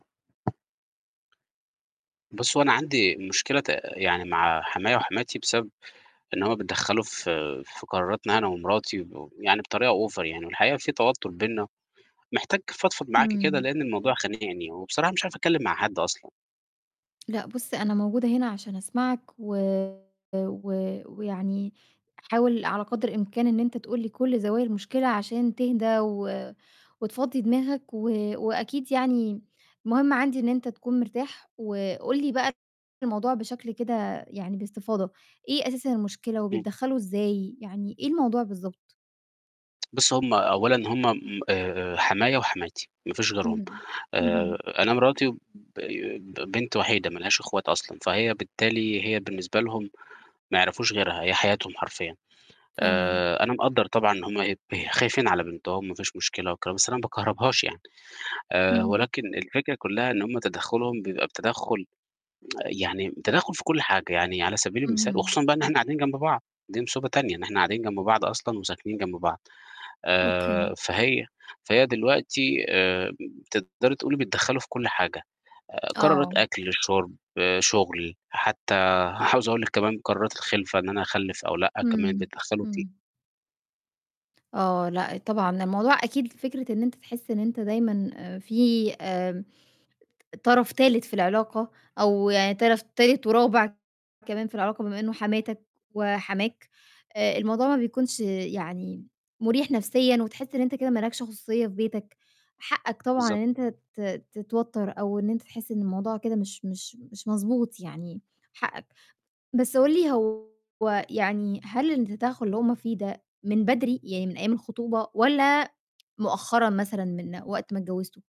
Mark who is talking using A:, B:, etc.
A: بُصّي، هو أنا عندي مشكلة ت يعني مع حمايا وحماتي بسبب إن هم بيتدخّلوا ف في قراراتنا أنا ومراتي ب يعني بطريقة أوفر يعني والحقيقة في توتّر بيننا، محتاج أفضفض معاكِ كده
B: إمم.
A: لإن الموضوع خانقني وبصراحة مش عارف أتكلّم مع حد أصلًا.
B: لأ، بُصّ أنا موجودة هنا عشان أسمعك و و ويعني حاول على قدر الإمكان إن أنت تقول لي كُلّ زوايا المشكلة عشان تهدى و وتفضِّي دماغك و وأكيد يعني المهم عندي إن أنت تكون مرتاح وقُل لي بقى الموضوع بشكل كده يعني باستفاضة، إيه أساسًا المشكلة
A: إمم.
B: وبيتدخّلوا إزاي؟ يعني إيه الموضوع بالضبط؟
A: بُصّي، هم أولًا هم م آآ، آآ، حماية وحماتي ما فيش غيرهم
B: اهم، اهم.
A: آآ أنا مراتي ب ب بنت وحيدة ما لهاش اخوات أصلًا، فهي بالتالي هي بالنسبة لهم ما يعرفوش غيرها هي حياتهم حرفيًا
B: فاهماك.
A: آآ، أنا مقدّر طبعًا إن هم بي خايفين على بنتهم ما فيش مشكلة وكده، بس أنا ما باكهربهاش يعني آآ،
B: إمم.
A: ولكن الفكرة كلّها إن هم تدخُّلهم بيبقى بتدخُّل يعني تدخُّل في كُلّ حاجة، يعني على سبيل المثال
B: اهم.
A: وخصوصًا بقى إحنا قاعدين جنب بعض، دي مصيبة تانية إن إحنا قاعدين جنب بعض أصلًا وساكنين جنب بعض،
B: أوكي.
A: آآ، فهي فهي دلوقتي آمم، تقدري تقولي بيتدخّلوا في كُلّ حاجة آآ، قرارت
B: آه.
A: أكل، شُرب، شُغل حتى عاوز أقول لِك كمان قرارات الخِلفة إن أنا أخلّف أو لأ كمان
B: إمم،
A: بيتدخّلوا فيها.
B: إمم. آه، لأ، طبعًا الموضوع أكيد فكرة إن أنت تحس إن أنت دايمًا آآ، في آمم، ط طرَف تالت في العلاقة أو يعني طرَف تالت ورابع كمان في العلاقة بما إنه حماتك وحماك آآ، الموضوع ما بيكونش يعني م مُريح نَفْسيًا، وتحس إن أنت كده ما لَكش خصوصية في بيتك، حقّك طبعًا
A: بالضبط.
B: إن أنت ت تتوتّر أو أنت تحس إن الموضوع كده مش مش مش مضبوط يعني حقّك. بس قُل لي هو يعني هل التدخُّل اللي هم فيه ده من بدري يعني من أيام الخطوبة والَّا مؤخرًا مثلًا من وقت ما اتجوّزتوا.